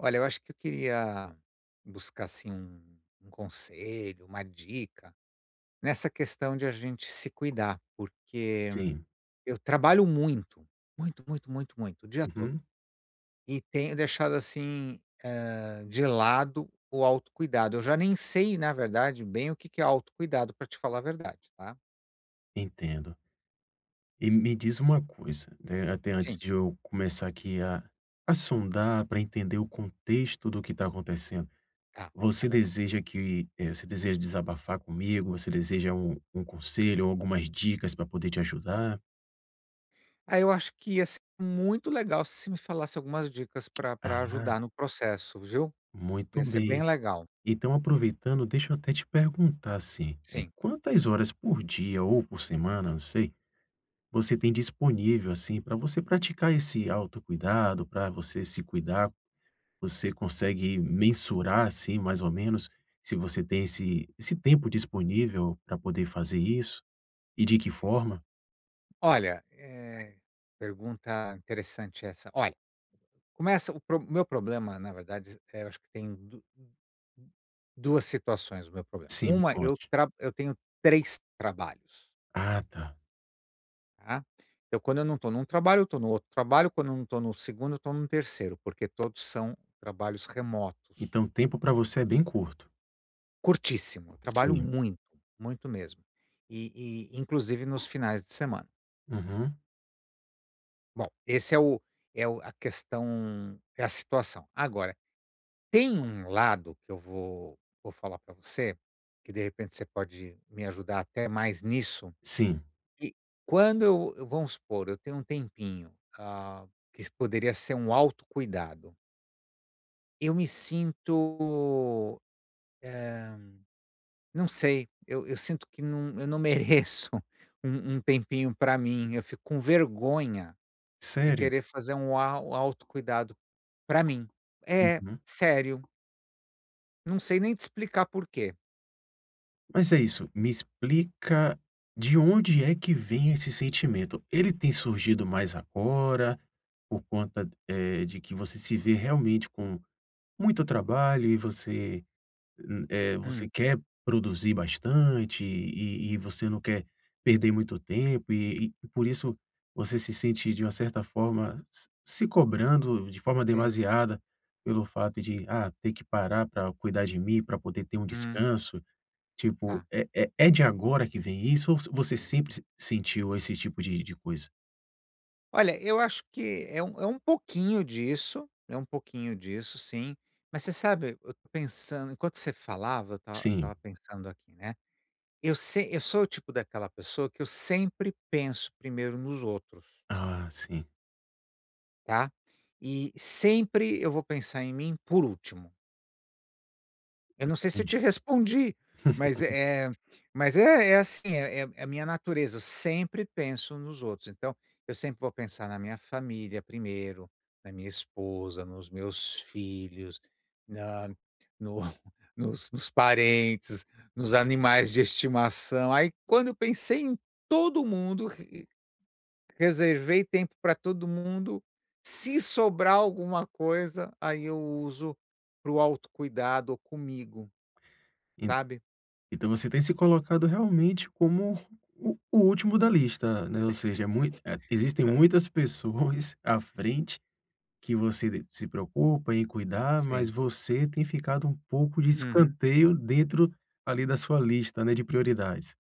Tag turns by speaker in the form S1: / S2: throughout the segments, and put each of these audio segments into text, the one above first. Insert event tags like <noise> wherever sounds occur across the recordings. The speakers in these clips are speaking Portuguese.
S1: Olha, eu acho que eu queria buscar, assim, um um conselho, uma dica nessa questão de a gente se cuidar, porque
S2: Sim.
S1: eu trabalho muito, muito, muito, muito, muito, o dia todo.
S2: Uhum.
S1: E tenho deixado, assim, eh, de lado o autocuidado, eu já nem sei, na verdade bem o que que é autocuidado pra te falar a verdade, tá.
S2: Entendo. E me diz uma coisa, né, até antes
S1: Sim.
S2: de eu começar aqui a a sondar pra entender o contexto do que tá acontecendo.
S1: Tá. Tá
S2: Você
S1: legal.
S2: deseja que, eh, você deseja desabafar comigo, você deseja um um conselho ou algumas dicas pra poder te ajudar?
S1: Aí, eu acho que ia ser muito legal se você me falasse algumas dicas pra pra
S2: Ah.
S1: ajudar no processo, viu?
S2: Muito
S1: Ia ser
S2: bem.
S1: bem legal.
S2: Então, aproveitando, deixa eu até te perguntar, assim, eh,
S1: Sim.
S2: quantas horas por dia ou por semana, não sei, você tem disponível, assim, pra você praticar esse autocuidado, pra você se cuidar, você consegue mensurar, assim, mais ou menos se você tem esse esse tempo disponível pra poder fazer isso e de que forma?
S1: Olha, eh, pergunta interessante essa. Olha, começa o pro o meu problema, na verdade, z eh, eu acho que tem du u u 2 situações, o meu problema.
S2: Sim, me
S1: Uma eu
S2: conte.
S1: tra eu tenho 3 trabalhos.
S2: Ah, tá.
S1: Tá? Eu quando eu não tô num trabalho, eu tô no outro trabalho, quando eu não tô no segundo, eu tô no terceiro, porque todos são trabalhos remotos.
S2: Então o tempo pra você é bem curto?
S1: Curtíssimo! Trabalho
S2: Sim.
S1: muito, muito mesmo. E e inclusive nos finais de semana.
S2: Uhum.
S1: Bom, esse é o é o a questão, é a situação. Agora tem um lado que eu vou vou falar pra você, que de repente você pode me ajudar até mais nisso,
S2: Sim.
S1: que quando eu eu vamos supor, eu tenho um tempinho, ah, que poderia ser um auto cuidado. Eu me sinto, eh, não sei, eu eu sinto que não eu não mereço um um tempinho pra mim, eu fico com vergonha de
S2: Sério?
S1: querer fazer um au auto cuidado, pra mim. É,
S2: Uhum.
S1: sério! Não sei nem te explicar porquê.
S2: Mas é isso. Me explica de onde é que vem esse sentimento. Ele tem surgido mais agora por conta, eh, de que você se vê realmente com muito trabalho e você, hum, eh, você
S1: Hum.
S2: quer
S1: Sim.
S2: produzir bastante e e você não quer perder muito tempo e e por isso você se sente de uma certa forma, se se cobrando de forma
S1: Sim.
S2: demasiada pelo fato de "Ah, ter que parar pra cuidar de mim pra poder ter um
S1: Hum.
S2: descanso?". Tipo
S1: Tá.
S2: é é é de agora que vem isso ou so você sempre s sentiu esse tipo de de coisa?
S1: Olha, eu acho que é um é um pouquinho disso, é um pouquinho disso, sim, mas você sabe, eu tô pensando enquanto você falava, eu esta eu
S2: Sim.
S1: estava pensando aqui, né? Eu se eu sou o tipo daquela pessoa que eu sempre penso primeiro nos outros.
S2: Ah, sim.
S1: Tá? E sempre eu vou pensar em mim por último. Eu
S2: Hum,
S1: não sei se
S2: entendi.
S1: te respondi, mas é é
S2: <laughs>
S1: mas é é assim é é é a minha natureza. Eu sempre penso nos outros. Então, eu sempre vou pensar na minha família primeiro, na minha esposa, nos meus filhos, na no nos nos parentes, nos animais de estimação. Aí, quando eu pensei em todo mundo, r r reservei tempo pra todo mundo, se sobrar alguma coisa, aí eu uso para o autocuidado comigo,
S2: En
S1: sabe.
S2: então, você tem se colocado realmente como o o último da lista, né. Ou
S1: <laughs>
S2: seja, é mui é, existem
S1: É.
S2: muitas pessoas à frente que você de se preocupa em cuidar, mas
S1: Sim.
S2: você tem ficado um pouco de
S1: Uhum.
S2: escanteio dentro ali da sua lista, né, de prioridades.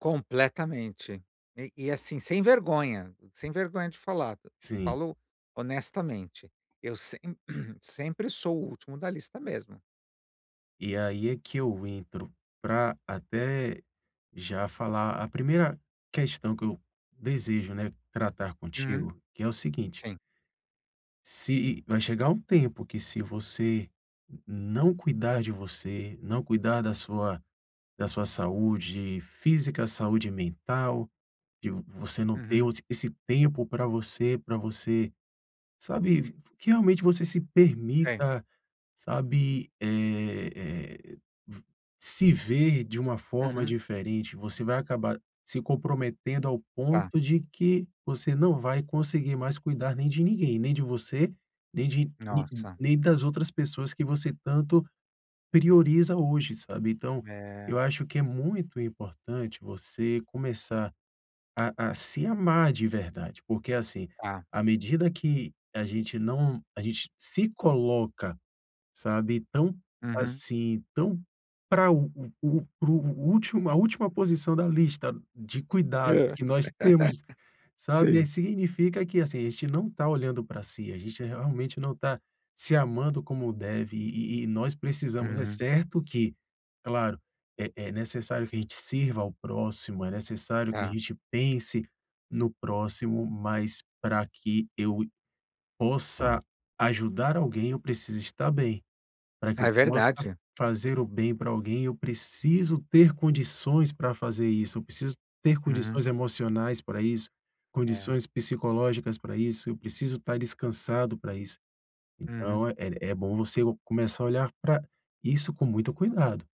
S1: Completamente. E e assim, sem vergonha, sem vergonha de falado.
S2: Sim.
S1: Falo honestamente, eu sem <clears throat> sempre sou o último da lista mesmo.
S2: E aí é que eu entro pra até já falar a primeira questão que eu desejo, né, tratar
S1: Hum.
S2: contigo, que é o seguinte.
S1: Sim.
S2: Se e vai chegar um tempo que se você não cuidar de você, não cuidar da sua da sua saúde física, saúde mental, de v você não ter
S1: Uhum.
S2: o esse tempo pra você, pra você, sabe, v v que realmente você se
S1: Sim.
S2: permita, sabe, eh, eh v se ver de uma forma
S1: Uhum.
S2: diferente, você vai acabar se comprometendo ao
S1: Tá.
S2: ponto de que você não vai conseguir mais cuidar nem de ninguém, nem de você, nem de ni, n
S1: Nossa.
S2: nem das outras pessoas que você tanto prioriza hoje, sabe. Então, eu
S1: É.
S2: acho que é muito importante você começar a a se amar de verdade, porque, assim,
S1: Tá.
S2: à medida que a gente não a gente se coloca, sabe, tão
S1: Uhum.
S2: assim, tão pra o o o o o para o último, a última posição da lista de cuidados
S1: Hã.
S2: que nós temos,
S1: <laughs>
S2: sabe. Aí
S1: Sim.
S2: significa que, assim, a gente não tá olhando para si, a gente, eh, realmente não está se amando como deve e e e nós precisamos. É
S1: Uhum.
S2: certo que, claro, é é necessário que a gente sirva ao próximo, é necessário que a
S1: Tá.
S2: gente pense no próximo, mas pra que eu i possa ajudar alguém, eu preciso estar bem. Para que eu
S1: É
S2: possa
S1: verdade.
S2: fazer o bem para alguém, eu preciso ter condições para fazer isso, eu preciso ter
S1: Uhum.
S2: condições emocionais pra isso,
S1: É.
S2: condições psicológicas para isso, eu preciso estar descansado para isso.
S1: Uhum.
S2: Então, é é é bom você o começar a olhar pra isso com muito cuidado.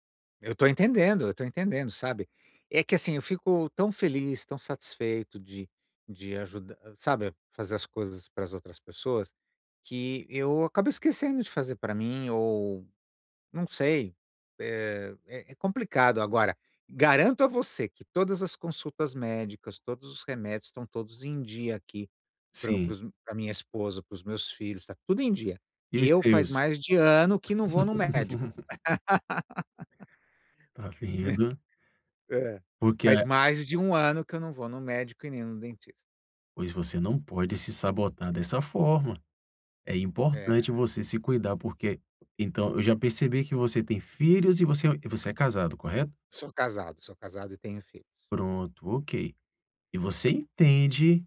S1: Eu tô entendendo, eu tô entendendo, sabe. É que assim eu fico tão feliz, tão satisfeito de de ajuda sabe. Fazer as coisas para as outras pessoas? Que eu acabo esquecendo de fazer para mim ou, não sei, é é é complicado, agora, garanto a você que todas as consultas médicas, todos os remédios estão todos em dia aqui para para
S2: Sim.
S1: os para minha esposa, para os meus filhos, está tudo em dia.
S2: E os
S1: Eu faz
S2: seus?
S1: mais de ano que não vou no médico.
S2: <laughs>
S1: <laughs>
S2: Tá
S1: Né?
S2: vendo?
S1: É.
S2: Porque
S1: Faz
S2: a
S1: mais de um ano que eu não vou no médico e nem no dentista.
S2: Pois você não pode se sabotar dessa forma. É importante
S1: Eh.
S2: você se cuidar, porque então eu já percebi que você tem filhos e você é ói e você é casado, correto?
S1: Sou casado. Sou casado e tenho filhos.
S2: Pronto, ok. E você entende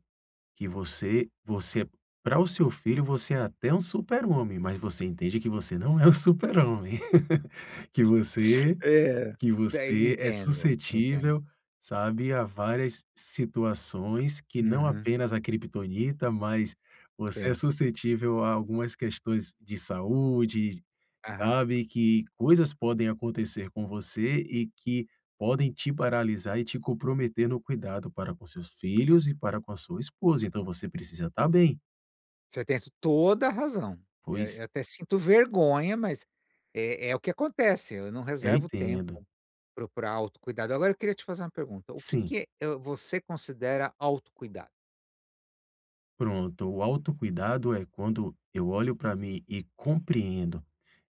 S2: que você você para o seu filho, você é até um Super-homem, mas você entende que você não é um Super-homem, <laughs> que você,
S1: É,
S2: que
S1: até
S2: você é
S1: entendo. Entendo.
S2: suscetível, sabe a várias situações que não
S1: Uhum.
S2: apenas a kriptonita, mas você é
S1: Sim.
S2: suscetível a algumas questões de saúde,
S1: Aham.
S2: sabe, que coisas podem acontecer com você e que podem te paralisar e te comprometer no cuidado para com os seus filhos e para com a sua esposa, então você precisa tá bem.
S1: Você tem toda a razão, eh,
S2: Pois.
S1: eu até sinto vergonha, mas é é o que acontece. Eu não
S2: Eu
S1: reservo tempo
S2: entendo.
S1: para o pra autocuidado. Agora eu queria te fazer uma pergunta o que
S2: Sim.
S1: que, eh, o você considera autocuidado?
S2: Pronto. O autocuidado é quando eu olho para mim e compreendo,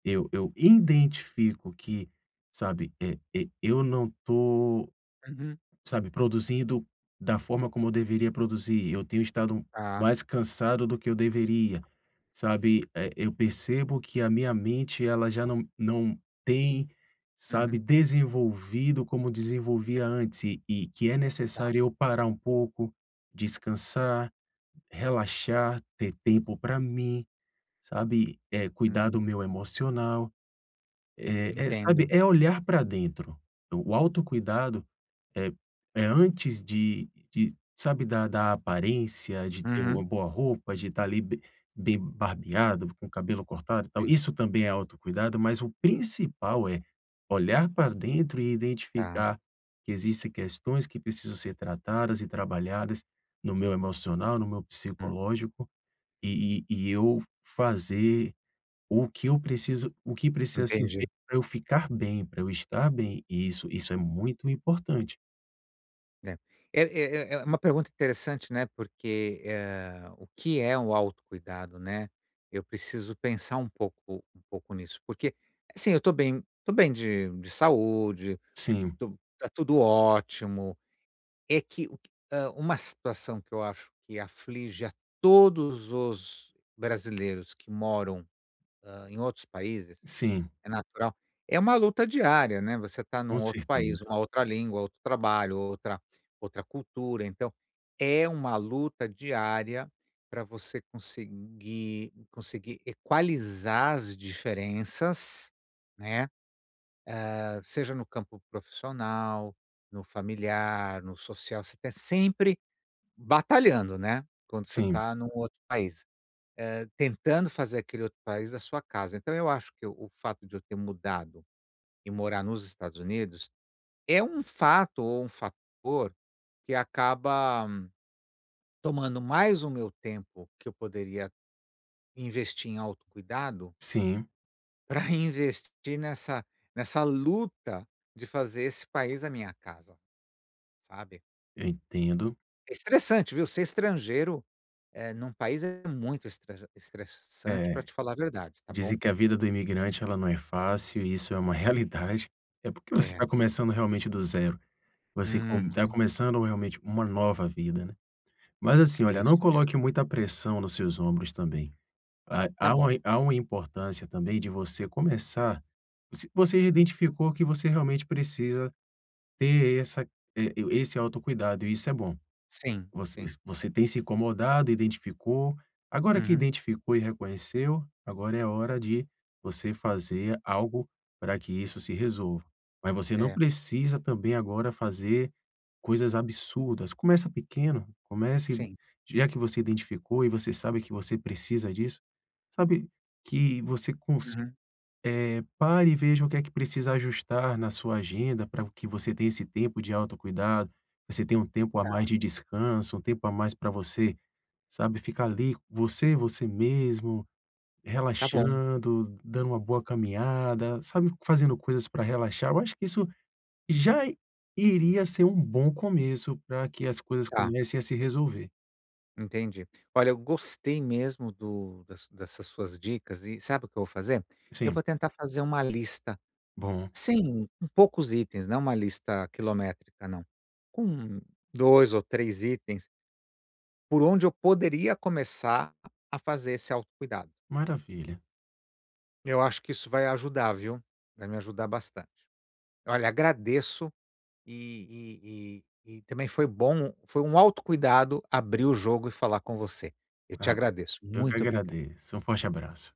S2: eu eu identifico que, sabe, e e eu não tô,
S1: Uhum.
S2: sabe, produzindo da forma como eu deveria produzir. Eu tenho estado
S1: Ah.
S2: mais cansado do que eu deveria, sabe, eh, eu percebo que a minha mente ela já não não tem, sabe,
S1: Uhum.
S2: desenvolvido como desenvolvia antes e e que é
S1: Tá.
S2: necessário eu parar um pouco, descansar, relaxar, ter tempo pra mim, sabe, é cuidar do
S1: Hã.
S2: meu emocional. É é, sabe,
S1: Entendo.
S2: é olhar pra dentro, o o autocuidado é é antes de de, sabe, da da aparência, de ter uma
S1: Uhum.
S2: boa roupa, de estar ali be bem barbeado, com o cabelo cortado, e tal.
S1: Sim.
S2: Isso também é autocuidado, mas o principal é; olhar pra dentro e
S1: Tá.
S2: identificar que existem questões que precisam ser tratadas e trabalhadas no meu emocional, no meu
S1: Hum.
S2: psicológico e e e eu f fazer o que eu preciso, o que precisa ser
S1: Entendi.
S2: feito pra eu ficar bem, pra eu estar bem e isso isso é muito importante.
S1: É é é é é uma pergunta interessante, né. Porque, eh, o que é o autocuidado, né? Eu preciso pensar um pouco um pouco nisso, porque assim, eu tô bem, tô bem de de saúde,
S2: Sim.
S1: tô tá tudo ótimo. É que o que, hã, uma situação que eu acho que aflige a todos os brasileiros que moram em outros países,
S2: Sim.
S1: é natural, é uma luta diária, né, você está
S2: Com
S1: num outro país,
S2: certeza.
S1: uma outra língua, outro trabalho, outra outra cultura. Então é uma luta diária para você conseguir conseguir equalizar as diferenças, né. Hã, seja no campo profissional, no familiar, no social, você está sempre batalhando, né, quando você
S2: Sim.
S1: está num outro país, eh, tentando fazer aquele outro país a sua casa. Então, eu acho que o fato de eu ter mudado e morar nos Estados Unidos, é um fato ou um fator que acaba tomando mais o meu tempo que eu poderia investir em autocuidado
S2: Sim.
S1: Para reinvestir nessa nessa luta de fazer esse país a minha casa, sabe?
S2: Eu entendo.
S1: É estressante, viu? Ser estrangeiro, eh, num país, é muito estrajan estressante pra
S2: É.
S1: te falar a verdade, tá
S2: Dizer
S1: bom.
S2: que a vida do imigrante, ela não é fácil, e isso é uma realidade. É porque você
S1: É.
S2: está começando realmente do zero. Você com tá
S1: Uhum.
S2: começando realmente uma nova vida, né. Mas assim,
S1: É
S2: olha,
S1: isso
S2: não
S1: mesmo.
S2: coloque muita pressão nos seus ombros também. Há
S1: Tá
S2: há uma
S1: bom.
S2: há uma importância também de você começar você você já identificou que você realmente precisa ter essa eh, esse autocuidado, e isso é bom.
S1: Sim,
S2: Voc
S1: sim.
S2: você tem se incomodado, identificou. Agora que
S1: Uhum.
S2: identificou e reconheceu, agora é hora de você fazer algo para que isso se resolva. Mas você não
S1: É.
S2: precisa, também, agora fazer coisas absurdas. Começa pequeno, comece
S1: Sim.
S2: já que você identificou e você sabe que você precisa disso, sabe, que você cons
S1: Uhum.
S2: eh, pare e veja o que é que precisa ajustar na sua agenda para vo que você tenha esse tempo de autocuidado. Você tenha um tempo a mais
S1: Tá.
S2: de descanso, um tempo a mais para você, sabe, ficar ali, você, você mesmo,
S1: Tá bom.
S2: relaxando, dando uma boa caminhada, sabe, fazendo coisas para relaxar. Eu acho que isso já iria ser um bom começo para que as coisas
S1: Tá.
S2: comecem a se resolver.
S1: Entendi. Olha, eu gostei mesmo do das dessas suas dicas, e sabe o que eu vou fazer? Eu
S2: Sim.
S1: vou tentar fazer uma lista,
S2: Bom.
S1: sem com poucos itens, não é uma lista quilométrica não. Com 2 ou 3 itens. Por onde eu poderia começar a a fazer esse autocuidado.
S2: Maravilha.
S1: Eu acho que isso vai ajudar, viu. Vai me ajudar bastante. Olha, agradeço e e e e também foi bom foi um autocuidado abrir o jogo e falar com você. Eu te
S2: Ah.
S1: agradeço,
S2: Eu que
S1: muito obrigado.
S2: agradeço, um forte abraço.